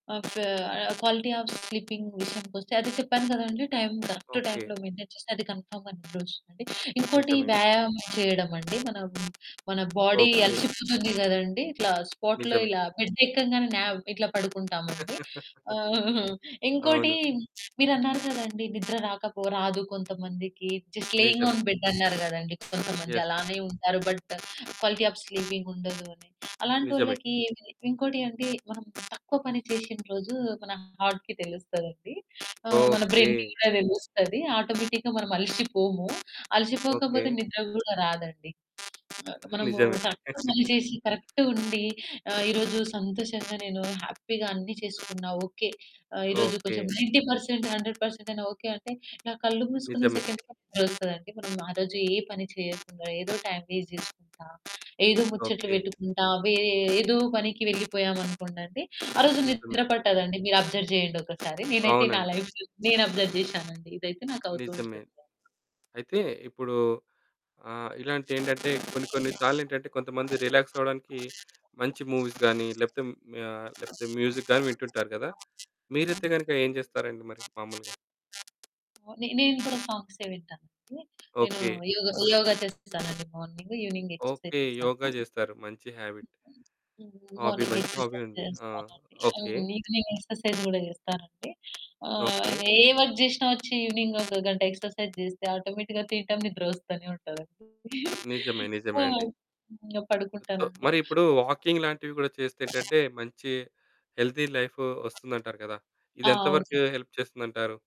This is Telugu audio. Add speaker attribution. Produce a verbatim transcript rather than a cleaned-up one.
Speaker 1: ఓకే. క్వాలిటీ ఆఫ్ స్లీపింగ్ విషయానికొస్తే అది చెప్పాను కదండీ! Time correct
Speaker 2: okay.
Speaker 1: టైంలో మెయింటైన్ చేస్తే అది కన్ఫర్మ్‌గా నిద్రొస్తుంది. ఇంకోటి
Speaker 2: నిజమే.
Speaker 1: వ్యాయామం చేయడమండి. మన మన బాడీ
Speaker 2: ఓకే.
Speaker 1: అలసిపోతుంది కదండీ! ఇట్లా స్పాట్‌లో
Speaker 2: నిజమే.
Speaker 1: ఇలా బెడ్ ఎక్కంగానే నావ్ ఇట్లా పడుకుంటామండి. ఇంకోటి
Speaker 2: అవును.
Speaker 1: మీరన్నారు కదండీ! నిద్ర రాకపో రాదు కొంతమందికి జస్ట్ లేయింగ్
Speaker 2: నిజమే.
Speaker 1: ఆన్ బెడ్ అన్నారు గదండీ! కొంతమంది
Speaker 2: ఎస్.
Speaker 1: అలానే ఉంటారు. బట్ క్వాలిటీ ఆఫ్ స్లీపింగుండదు అని
Speaker 2: నిజమే.
Speaker 1: అలాంటోళ్ళకి ఏంటి ఇంకోటేంటి అంటే మనం తక్కువ పని చేసిన రోజు మన హార్ట్‌కి తెలుస్తదండి. మన
Speaker 2: ఓకే.
Speaker 1: బ్రై‌న్‌కి కూడా తెలుస్తది ఆటోమేటిక్‌గా మనం అలిసిపోము,
Speaker 2: ఓకే.
Speaker 1: అలసిపోకపోతే నిద్ర గూడా రాదండి. మనము
Speaker 2: నిజమే.
Speaker 1: కరెక్ట్‌గా పని చేసి కరెక్ట్‌గుండి ఆహ్, ఈ రోజు సంతోషంగా, నేను హ్యాపీగా అన్ని చేసుకున్న ఆహ్, ఓకే. ఆహ్, ఈ రోజు కొంచెం
Speaker 2: okay.
Speaker 1: Ninety percent hundred percent అయినా ఓకే. అంటే నా కళ్ళు మూసుకున్న
Speaker 2: నిజమే.
Speaker 1: సెకండ్ థాట్ వస్తదండి. మనం ఆరోజు ఏ పని చేయకుండా ఏదో టైమ్ వేస్ట్ చేసుకుంటా, ఏదో ముచ్చట్లు
Speaker 2: ఓకే.
Speaker 1: పెట్టుకుంటా, ఏదో పనికి వెళ్లిపోయామనుకోండి ఆరోజు
Speaker 2: నిజమే.
Speaker 1: నిద్ర పట్టదండి. మీరు అబ్జర్వ్ చేయండొకసారి. నేనైతే నా
Speaker 2: అవునండి.
Speaker 1: లైఫ్‌లో నేను అబ్జర్వ్ చేశానండి. ఇదైతే నాకు అవుతూ
Speaker 2: నిజమే.
Speaker 1: ఉంటుంది.
Speaker 2: అయితే ఇప్పుడు ఆహ్, ఇలాంటియేంటంటే కొన్ని కొన్ని సార్లేంటంటే కొంతమంది రిలాక్స్ అవ్వడానికి మంచి మూవీస్ గాని లేకపోతే ఆహ్, లేకపోతే మ్యూజిక్ గాని వింటుంటారు గదా! మీరైతే గనుక ఏం చేస్తారండి మరి మామూలుగా?
Speaker 1: నే నేను కూడా సాంగ్సే వింటానండి. నేను
Speaker 2: ఓకే.
Speaker 1: యోగ, యోగ చేస్తానండి మార్నింగు. Evening exercise
Speaker 2: okay.
Speaker 1: చేస్తాను.
Speaker 2: యోగ జేస్తారు. మంచి హ్యాబిట్.
Speaker 1: హ్మ్.
Speaker 2: హాబీ.
Speaker 1: మార్నింగ్
Speaker 2: మంచి హాబీ
Speaker 1: ఎక్సర్‌సైజ్
Speaker 2: ఉంది. ఆ!
Speaker 1: చేస్తానండి.
Speaker 2: ఓకే.
Speaker 1: అవును. ఈవెనింగ్ ఎక్సర్‌సైజ్ కూడా చేస్తానండి. ఆహ్,
Speaker 2: ఓకే.
Speaker 1: ఏ వర్క్ చేసి ఈవెనింగ్ ఒక గంట ఎక్సర్‌సైజ్ చేస్తే ఆటోమేటిక్‌గా తినటం నిద్ర వస్తానే ఉంటదండి.
Speaker 2: నిజమే.
Speaker 1: ఆ!
Speaker 2: నిజమే అండి.
Speaker 1: ఇక
Speaker 2: సో,
Speaker 1: పడుకుంటానండి.
Speaker 2: మరిప్పుడు వాకింగ్ లాంటివి కూడా చేస్తే ఏంటంటే, మంచి హెల్తీ లైఫు వస్తుందంటారు కదా! ఇది
Speaker 1: ఆ!
Speaker 2: ఎంత వరకు
Speaker 1: అవునండి.
Speaker 2: హెల్ప్ చేస్తుందంటారు?